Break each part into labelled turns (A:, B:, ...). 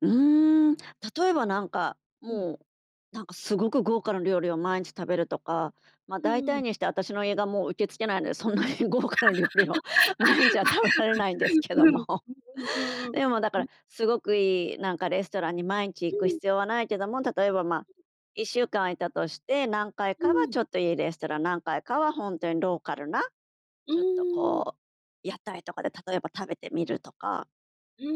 A: うーん、例えば、なんか、
B: うん。
A: もうなんか、すごく豪華な料理を毎日食べるとか、ま、
B: う
A: 大
B: う
A: 体
B: ん。
A: にして私の胃がもう受け付けないので、そんなに豪華な料理を毎日は食べられないんです けど
B: うん、
A: も。
B: うんうんうんうん。
A: でも、だか
B: うん。
A: らすごくいい、なんかレストランに毎日行
B: う
A: く
B: ん。
A: 必要はないけども、例えば、ま、1週間いたとして、何回
B: う
A: かは
B: ん。
A: ちょっといいレストラン、何回かはほんとにローカルな、
B: う
A: ちょっと
B: ーん。
A: こう、屋台とかで例えば食べてみるとか。
B: うん、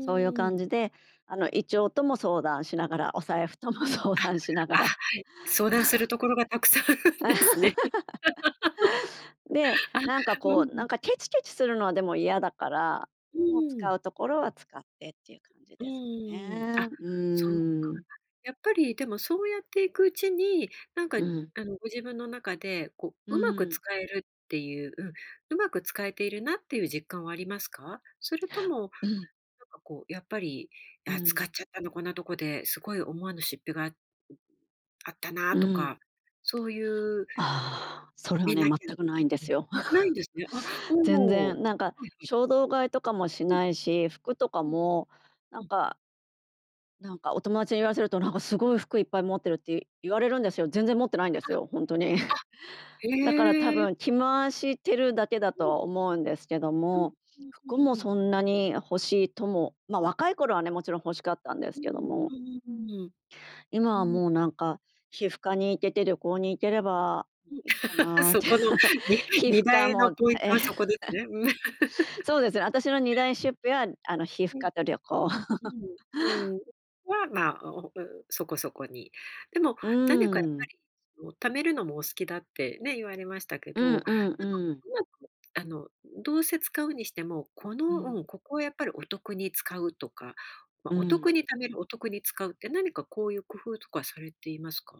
A: そういう
B: うー
A: 感
B: ん。
A: じで、あの、胃腸とも相談しながら、お財布とも
B: うん、
A: 相談しなが
B: あ、あ、
A: ら。
B: はい、相談する ところがたくさんあるんですね。
A: で、
B: あ、
A: なんか
B: うんう
A: こう、なん
B: ん。
A: かケチケチするのは、でも嫌だから、
B: う
A: もう
B: ー
A: 使
B: ん。
A: うところは使ってっていう感じ
B: う
A: ですか
B: ーん。
A: ね。
B: あ、
A: う
B: そっか [unintelligible]
A: ーん。
B: やっぱり、でもそうやっていくうちに、なんか、
A: うん。
B: あの、ご自分の中で、こ
A: う
B: う、うまく
A: ーん。
B: 使えるっていう、うん、うまく使えているなっていう実感はありますか？それ
A: や
B: とも、なん
A: うん。
B: かこう、やっぱり、
A: う
B: ああ使っ
A: ん。
B: ちゃったな、こんなとこで、すごい思わぬ出費があっあったな
A: う
B: と
A: ん。
B: か、そういう、
A: ああ、そ
B: し
A: れは
B: め
A: ね、
B: なきゃ
A: 全
B: と
A: くないんで
B: う
A: す
B: ん、
A: よ。
B: ないんです ね。あ、
A: 全
B: おう、は
A: 然、なんか
B: いはい。
A: 衝動買いとかもし
B: うん。
A: ないし、服とか
B: うん。
A: もな
B: う
A: ん
B: ん。
A: かなんかお友達に言わせると、なんかすごい服いっぱい持ってるってい言われるんですよ。全然持ってないんで
B: は、
A: すよ、ほんとに。
B: あ、
A: だから多
B: へえ。
A: 分着回してるだけだと
B: うん。
A: は思うんですけど
B: うん。
A: も、
B: うう
A: 服も
B: んうん。
A: そんなに欲しいとも、ま、若い頃はねもちろん欲しかったんで
B: う
A: す
B: ー
A: けど
B: ん、
A: も。
B: うんうんうん。
A: 今
B: う
A: は
B: ん。
A: もうなんか、皮膚科に行けて、旅行に行ければ
B: うん、
A: いっか なっ
B: そ
A: て、
B: この、に
A: 皮
B: に
A: 膚
B: だ
A: 科
B: いの
A: も。
B: ポイント はそこでね。うん。
A: そうですね、私の2大 出費は、あの、皮膚
B: うん。
A: 科と旅行。
B: うん、うん、は、まあ、おうそこそこに。でも
A: う
B: 何かやっ
A: ー
B: ぱ
A: ん。
B: り、そう、貯めるのもお好きだってね、言われましたけ
A: う
B: ど。
A: んうん
B: なんかこ
A: うん。
B: う、うまく、あの、うん、どうせ使うにしても、こ
A: う
B: の、う
A: ん。
B: ん、ここはやっぱりお得に使うとか、ま、
A: う
B: お得
A: ん。
B: に貯める、お得に使うって何かこういう工夫とかされていますか？